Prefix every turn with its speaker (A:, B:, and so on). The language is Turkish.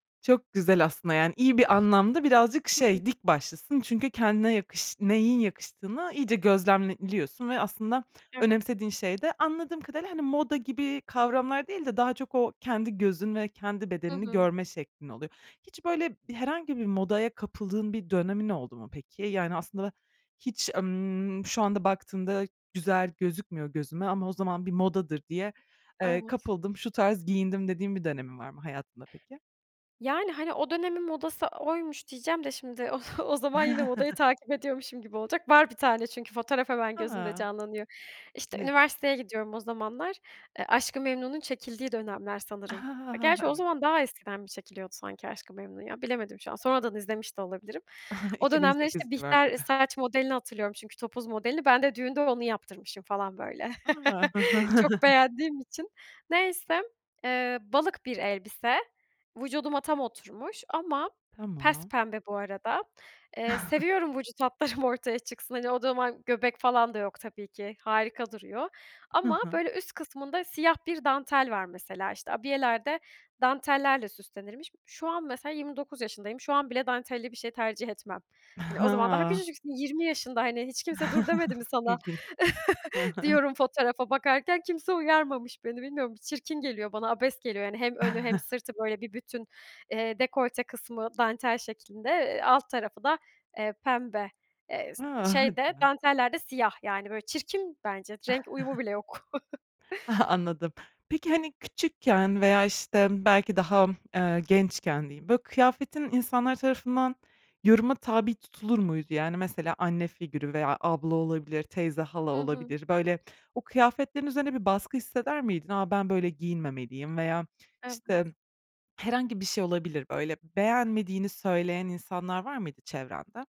A: Çok güzel aslında, yani iyi bir anlamda, birazcık
B: Hı hı.
A: şey, dik başlısın çünkü kendine yakış neyin yakıştığını iyice gözlemliyorsun ve aslında
B: Evet.
A: önemsediğin şey de, anladığım kadarıyla, hani, moda gibi kavramlar değil de, daha çok o kendi gözün ve kendi
B: Hı
A: bedenini
B: hı.
A: görme şeklin oluyor. Hiç böyle herhangi bir modaya kapıldığın bir dönemin oldu mu peki? Yani, aslında hiç, emm, "Şu anda baktığımda güzel gözükmüyor gözüme ama o zaman bir modadır diye, eee,
B: Evet.
A: kapıldım, şu tarz giyindim." dediğin bir dönemin var mı hayatında peki?
B: Yani, hani, "O dönemin modası oymuş." diyeceğim de şimdi, o o zaman yine modayı takip ediyormuşum gibi olacak. Var bir tane çünkü fotoğraf, hemen gözümde
A: A!
B: canlanıyor. İşte,
A: Ne?
B: üniversiteye gidiyorum o zamanlar. Eee, Aşk-ı Memnu'nun çekildiği dönemler sanırım.
A: A,
B: Gerçi, o
A: evet.
B: zaman daha eskiden mi çekiliyordu sanki Aşk-ı Memnu, ya? Bilemedim şu an. Sonradan izlemiş de olabilirim. O
A: iki bin
B: dönemler işte,
A: sekiz
B: Bihter
A: civarları.
B: saç modelini hatırlıyorum çünkü, topuz modelini. Ben de düğünde onu yaptırmışım falan böyle.
A: A!
B: Çok beğendiğim için. Neyse. Eee, balık bir elbise. Vücuduma tam oturmuş ama
A: Tamam.
B: pespembe bu arada. Eee, seviyorum vücut hatlarım ortaya çıksın. Hani, o zaman göbek falan da yok tabii ki. Harika duruyor.
A: Hı
B: Ama
A: hı.
B: böyle üst kısmında siyah bir dantel var mesela. İşte abiyeler de dantellerle süslenirmiş. Şu an mesela 29 yaşındayım. Şu an bile dantelli bir şey tercih etmem. Hani o zaman daha
A: Ha.
B: küçücüksün 20 yaşında hani, "Hiç kimse 'dur' demedi mi sana?"
A: İlginç. Hı hı.
B: diyorum fotoğrafa bakarken, kimse uyarmamış beni, bilmiyorum. Çirkin geliyor bana, abes geliyor. Yani, hem önü hem sırtı, böyle, bir bütün, eee, dekolte kısmı dantel şeklinde, eee, alt tarafı da, eee, pembe. Eee, s
A: A!
B: şey de
A: [unintelligible]
B: danteller de siyah yani, böyle, çirkin bence, renk uyumu bile yok.
A: Anladım. Peki, hani küçükken veya işte belki daha, eee, gençken diyeyim, böyle, kıyafetin insanlar tarafından yoruma tabi tutulur muydu? Yani, mesela anne figürü veya abla olabilir, teyze, hala
B: Hı hı.
A: olabilir, böyle o kıyafetlerin üzerine bir baskı hisseder miydin? A, ben böyle giyinmemeliyim veya işte
B: Evet.
A: herhangi bir şey olabilir. Böyle beğenmediğini söyleyen insanlar var mıydı çevrende?